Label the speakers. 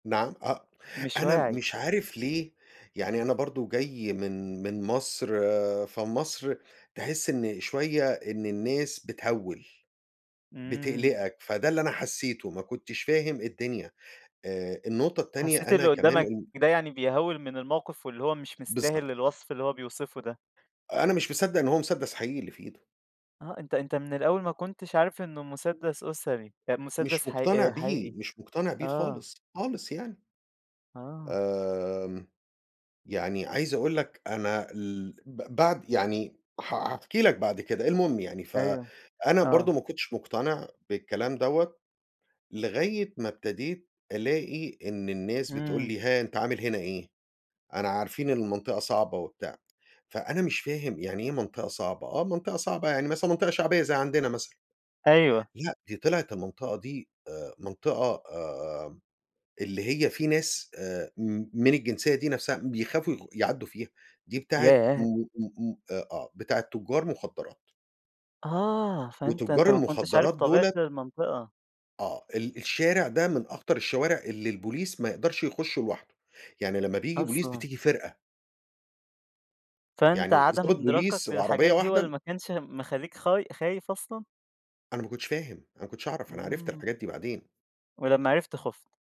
Speaker 1: نعم أ
Speaker 2: مش
Speaker 1: أنا
Speaker 2: واعي.
Speaker 1: مش عارف ليه، يعني أنا برضه جاي من من مصر، فمصر تحس إن شوية إن الناس بتهوّل،
Speaker 2: إمم.
Speaker 1: بتقلقك فده اللي أنا حسّيته ما كنتش فاهم الدنيا، آآ النقطة التانية
Speaker 2: حسّيت
Speaker 1: أنا
Speaker 2: اللي
Speaker 1: كمان،
Speaker 2: قدّامك
Speaker 1: امم
Speaker 2: ده يعني بيهوّل من الموقف، واللي هو مش مستاهل
Speaker 1: بالضبط.
Speaker 2: الوصف اللي هو بيوصفه ده.
Speaker 1: أنا مش مصدّق إن هو مُسدّس حقيقي اللي في إيده.
Speaker 2: آه أنت أنت من الأول ما كنتش عارف إنه مُسدّس أسري أ
Speaker 1: مش
Speaker 2: مُسدّس ح
Speaker 1: مقتنع
Speaker 2: آآ
Speaker 1: بيه،
Speaker 2: حقيقي،
Speaker 1: مش مقتنع بيه
Speaker 2: آه.
Speaker 1: خالص، خالص يعني.
Speaker 2: آه.
Speaker 1: آمم يعني عايز أقول لك أنا ال ب بعد يعني ح هاحكي لك بعد كده المهم يعني،
Speaker 2: أيوه،
Speaker 1: فأنا
Speaker 2: آه.
Speaker 1: برضه ما كنتش مقتنع بالكلام دوّة، لغاية ما ابتديت ألاقي إن الناس بتقول
Speaker 2: إمم.
Speaker 1: لي: "ها أنت عامل هنا إيه؟" أنا عارفين إن المنطقة صعبة وبتاع، فأنا مش فاهم يعني إيه منطقة صعبة؟ آه منطقة صعبة يعني مثلًا منطقة شعبية زي عندنا مثلًا،
Speaker 2: أيوه.
Speaker 1: لأ دي طلعت المنطقة دي آآ منطقة آآ، اللي هي في ناس آآ م من الجنسية دي نفْسها بيخافوا يغ يعدّوا فيها، دي بتاعة م
Speaker 2: ياه!
Speaker 1: م م آآ آه، بتاعة تُجّار مُخدرات
Speaker 2: آه، فأنت
Speaker 1: وتُجّار
Speaker 2: أنت ما كنتش عارف
Speaker 1: المُخدرات
Speaker 2: طبيعة
Speaker 1: دُولة
Speaker 2: المنطقة.
Speaker 1: آه، ال الشارع ده من أخطر الشوارع اللي البوليس ما يقدرش يُخشُّه لوحده، يعني لمّا بييجي بوليس
Speaker 2: أصلًا!
Speaker 1: بتيجي فرقة.
Speaker 2: فأنت
Speaker 1: يعني
Speaker 2: عَدَم
Speaker 1: ضابط
Speaker 2: إدراكك
Speaker 1: بوليس وعربية
Speaker 2: للحجات دي هو اللي
Speaker 1: واحدة
Speaker 2: ما كانش مخلّيك خاي خايف أصلًا؟
Speaker 1: أنا ما كنتش فاهم، أنا ما كنتش اعرف، أنا عرفت الحاجات
Speaker 2: إمم.
Speaker 1: دي بعدين.
Speaker 2: ولمّا عرفت خُفت.